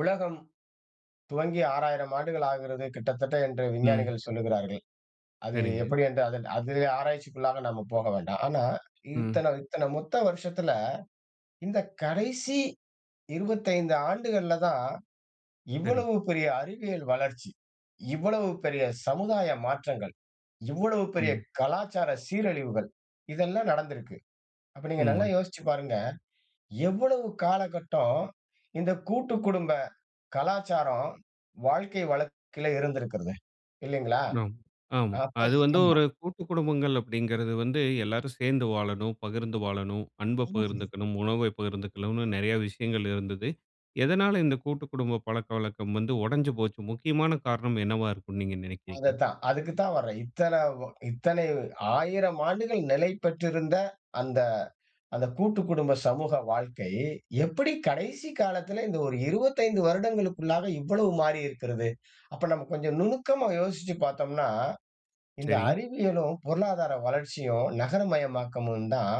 உலகம் துவங்கி 6000 ஆண்டுகள் ஆகிறது. கிட்டத்தட்ட என்று ம். விஞ்ஞானிகள் சொல்கிறார்கள். அது சரிங்க. எப்படின்னு அதில ஆராய்ச்சிக்குள்ளாக நாம போக வேண்டாம். ஆனா, ம். இத்தனை, இத்தனை மொத்த வருஷத்தில. இந்த கடைசி 25 ஆண்டுகள்ல தான் சரிங்க. இவ்வளவு பெரிய அறிவியல் வளர்ச்சி, இவ்வளவு பெரிய சமுதாய மாற்றங்கள், இவ்வளவு பெரிய ம். கலாச்சார சீரழிவுகள், இதெல்லாம் நடந்து இருக்கு. அப்ப நீங்க நல்லா ம். யோசிச்சி பாருங்க. எவ்வளவு காலகட்டம் இந்த கூட்டு குடும்ப கலாச்சாரம் வாழ்க்கை வழக்குல இருந்திருக்கிறது. இல்லங்களா? அம், ஆமா. அது [unintelligible] வந்து ஆமா. ஒரு கூட்டு குடும்பங்கள் அப்படிங்குறது வந்து எல்லாரும் சேர்ந்து வாழணும், பகிர்ந்து வாழணும், அன்ப ம். பகிர்ந்துக்கணும், உணவ பகிர்ந்துக்கணும் நெறைய விஷயங்கள் இருந்தது. எதனால இந்த கூட்டு குடும்ப பழக்கவழக்கம் வந்து உடைஞ்சி போஞ்சி முக்கியமான காரணம் என்னவா இருக்கும்னு நீங்க அத நினைக்கிறீங்க? தான், அதுக்கு தான் வர்றேன். இத்தனை, இத்தனை 1000 ஆண்டுகள் நிலை பெற்றிருந்த அந்த, அந்த கூட்டு குடும்ப சமூக வாழ்க்கை, எப்படி கடைசி காலத்தில இந்த ஒரு 25 வருடங்களுக்கு உள்ளாக இவ்வளவு மாறி இருக்கிறது. அப்ப நம்ம கொஞ்சம் நுணுக்கமா யோசிச்சி பாத்தோம்ன்னா, இந்த சரி. அறிவியலும், பொருளாதார வளர்ச்சியும் நகரமயமாக்கமும் தான்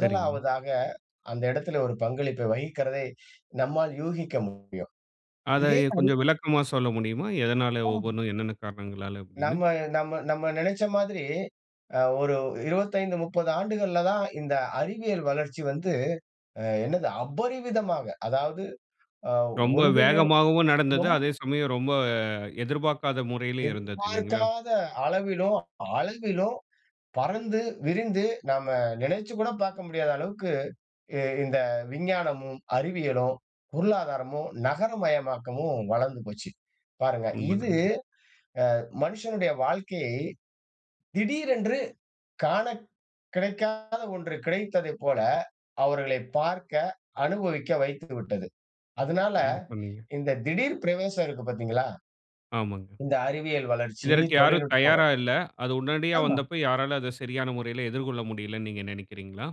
சரிங்க. அந்த இடத்தில ஒரு பங்களிப்ப வகிக்கிறதை நம்மால் யூகிக்க முடியும். அத இதே எ மாதிரி கொஞ்சம் விளக்கமா சொல்ல முடியுமா? எதனால ஒவ்வொன்னும் என்னென்ன காரணங்களால அப்படின்னு. நம்ம, நம்ம, நம்ம நினைச்ச மாரி அ ஒரு 25, 30 ஆண்டுகள்ல தான். இந்த அறிவியல் வளர்ச்சி வந்து அ என்னது அபரிவிதமாக அதாவது ரொம்ப ஒன்றிலும் வேகமாகவும் நடந்தது. ரொம் அதே சமயம் ரொம்ப எதிர்பார்க்காத முறையிலும் இருந்தது இல்லைங்களா. எதிர்பார்க்காத அளவிலும், அளவிலும் பறந்து விரிந்து நாம் நெனைச்சி கூட பாக்க முடியாத அளவுக்கு இந்த விஞ்ஞானமும், அறிவியலும், பொருளாதாரமும், நகரமயமாக்கமும் வளர்ந்து போச்சி. பாருங்க இது உண்மதாங்க. அ மனிஷனுடைய வாழ்க்கை திடீரென்று காண கிடைக்காத ஒன்று கிடைத்ததைப் போல அவர்களை பார்க்க அனுபவிக்க வைத்துவிட்டது. அதனால, சரியா சொன்னீங்க. இந்த திடீர் பிரவேசம் இருக்குது பாத்தீங்களா? ஆமாங்க. இந்த அறிவியல் வளர்ச்சி இதற்கு யாரும் தொழில்நுட்பம் தயாரா இல்ல. அது உடனடியா ஆமா. வந்தப யாராலும் அத சரியான முறையில எதிர்கொள்ள முடியல்லன்னு நீங்க நினைக்கிறீங்களா?